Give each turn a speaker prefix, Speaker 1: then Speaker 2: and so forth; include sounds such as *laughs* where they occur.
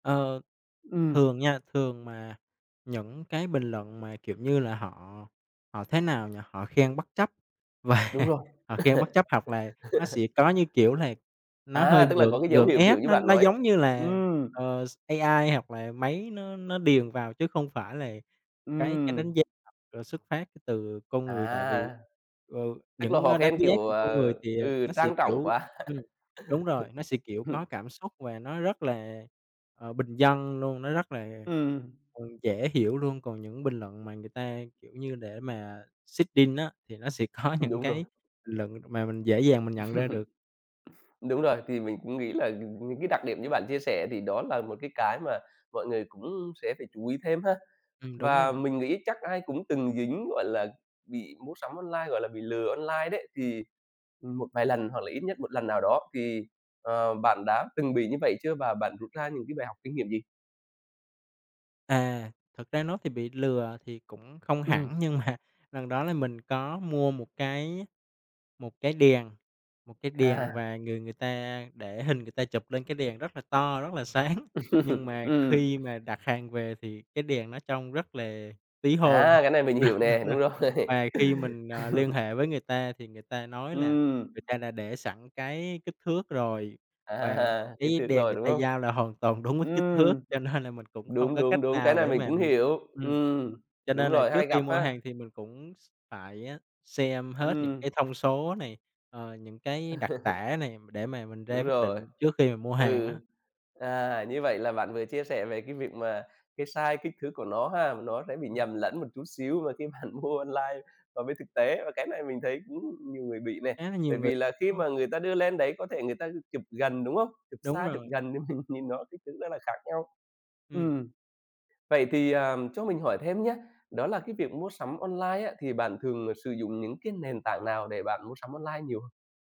Speaker 1: Ờ,
Speaker 2: Ừm.
Speaker 1: thường nha, thường mà những cái bình luận mà, kiểu như là, họ họ, thế nào nhỉ, họ khen bất chấp và
Speaker 2: Đúng rồi.
Speaker 1: họ khen bất chấp, hoặc là nó sẽ
Speaker 2: *laughs*
Speaker 1: có, như kiểu là, nó
Speaker 2: À,
Speaker 1: hơi
Speaker 2: tức là có
Speaker 1: gượng
Speaker 2: cái dấu
Speaker 1: gượng
Speaker 2: hiệu, kiểu
Speaker 1: ép,
Speaker 2: như,
Speaker 1: nó
Speaker 2: bạn
Speaker 1: nó,
Speaker 2: nói.
Speaker 1: giống như là,
Speaker 2: Ừm.
Speaker 1: ờ, s AI, hoặc là máy nó nó điền vào, chứ không phải là cái cái đánh
Speaker 2: Ừm.
Speaker 1: giá *unintelligible* rồi xuất phát từ con người. Tại vì,
Speaker 2: À.
Speaker 1: ờ,
Speaker 2: Tức là
Speaker 1: những,
Speaker 2: họ
Speaker 1: ơ, đánh
Speaker 2: khen,
Speaker 1: giá
Speaker 2: kiểu,
Speaker 1: của con
Speaker 2: ờ
Speaker 1: người thì, ờ,
Speaker 2: ừ,
Speaker 1: nó sẽ,
Speaker 2: trang trọng
Speaker 1: kiểu
Speaker 2: quá.
Speaker 1: ừm, đúng rồi, nó sẽ, kiểu,
Speaker 2: *laughs*
Speaker 1: có
Speaker 2: Hừm.
Speaker 1: cảm xúc và nó rất là, ờ, bình dân luôn, nó rất là,
Speaker 2: Ừm.
Speaker 1: ừ, dễ hiểu luôn. Còn những bình luận mà người ta, kiểu như, để mà seeding á, thì nó sẽ có
Speaker 2: Ừm,
Speaker 1: những
Speaker 2: đúng
Speaker 1: cái
Speaker 2: rồi.
Speaker 1: bình luận mà mình dễ dàng mình nhận ra được.
Speaker 2: *chuckles* Đúng rồi, thì mình cũng nghĩ là, ừm, những cái đặc điểm như bạn chia sẻ thì đó là một cái cái mà mọi người cũng sẽ phải chú ý thêm ha.
Speaker 1: Ừm, đúng
Speaker 2: Và
Speaker 1: rồi.
Speaker 2: mình nghĩ chắc ai cũng từng dính, gọi là, bị mua sắm online, gọi là, bị lừa online đấy, thì, ừm, một vài lần hoặc là ít nhất 1 lần nào đó, thì, ờ, bạn đã từng bị như vậy chưa? Và bạn rút ra những cái bài học kinh nghiệm gì?
Speaker 1: À, thực ra nói thì bị lừa thì cũng không hẳn
Speaker 2: Ừm.
Speaker 1: nhưng mà lần đó là mình có mua một cái một cái đèn, một cái đèn
Speaker 2: À.
Speaker 1: và người người ta để hình người ta chụp lên cái đèn rất là to, rất là sáng, nhưng
Speaker 2: *laughs*
Speaker 1: mà
Speaker 2: Ừm.
Speaker 1: khi mà đặt hàng về thì cái đèn nó trông rất là tí hon.
Speaker 2: À, cái này mình
Speaker 1: Đúng,
Speaker 2: hiểu nè,
Speaker 1: đúng rồi.
Speaker 2: đúng rồi. *laughs*
Speaker 1: Và khi mình, ờ, liên hệ với người ta thì người ta nói là
Speaker 2: Ừm.
Speaker 1: người ta đã để sẵn cái kích thước rồi, và
Speaker 2: À, kích
Speaker 1: cái
Speaker 2: thước
Speaker 1: đèn
Speaker 2: rồi,
Speaker 1: người
Speaker 2: đúng
Speaker 1: ta
Speaker 2: không?
Speaker 1: giao là hoàn toàn đúng với kích thước,
Speaker 2: Ừm.
Speaker 1: cho nên là mình cũng không
Speaker 2: Đúng,
Speaker 1: có cách
Speaker 2: đúng, đúng, cái
Speaker 1: nào
Speaker 2: này
Speaker 1: để
Speaker 2: mình
Speaker 1: mà
Speaker 2: cũng
Speaker 1: mình
Speaker 2: hiểu,
Speaker 1: ừm.
Speaker 2: ừm,
Speaker 1: Cho
Speaker 2: đúng
Speaker 1: nên là
Speaker 2: rồi,
Speaker 1: trước
Speaker 2: hay
Speaker 1: khi
Speaker 2: gặp
Speaker 1: mua
Speaker 2: ha.
Speaker 1: hàng thì mình cũng x phải xem hết những
Speaker 2: Ừm.
Speaker 1: cái thông số này, ờ, những cái đặc
Speaker 2: *laughs*
Speaker 1: tả nè để mà mình ra
Speaker 2: Đúng
Speaker 1: quyết
Speaker 2: rồi,
Speaker 1: định trước khi mà mua hàng
Speaker 2: ừ.
Speaker 1: á.
Speaker 2: À, như vậy là bạn vừa chia sẻ về cái việc mà cái sai kích thước của nó ha, và nó sẽ bị
Speaker 1: Ừm.
Speaker 2: nhầm lẫn một chút xíu và khi bạn mua online và bên thực tế, và cái này mình thấy cũng nhiều người bị nè,
Speaker 1: Khá là nhiều
Speaker 2: bởi
Speaker 1: người.
Speaker 2: vì là khi
Speaker 1: Ờ.
Speaker 2: mà người ta đưa lên đấy có thể người ta chụp gần, đúng hông? Chụp
Speaker 1: Đúng
Speaker 2: xa, chụp
Speaker 1: rồi.
Speaker 2: gần thì mình nhìn rất kích thước nó là khác nhau.
Speaker 1: Ừm.
Speaker 2: Ừm, vậy thì, ờ, cho mình hỏi thêm nhá, đó là cái việc mua sắm online á, thì bạn thường, ờ, sử dụng những cái nền tảng nào để bạn mua sắm online nhiều?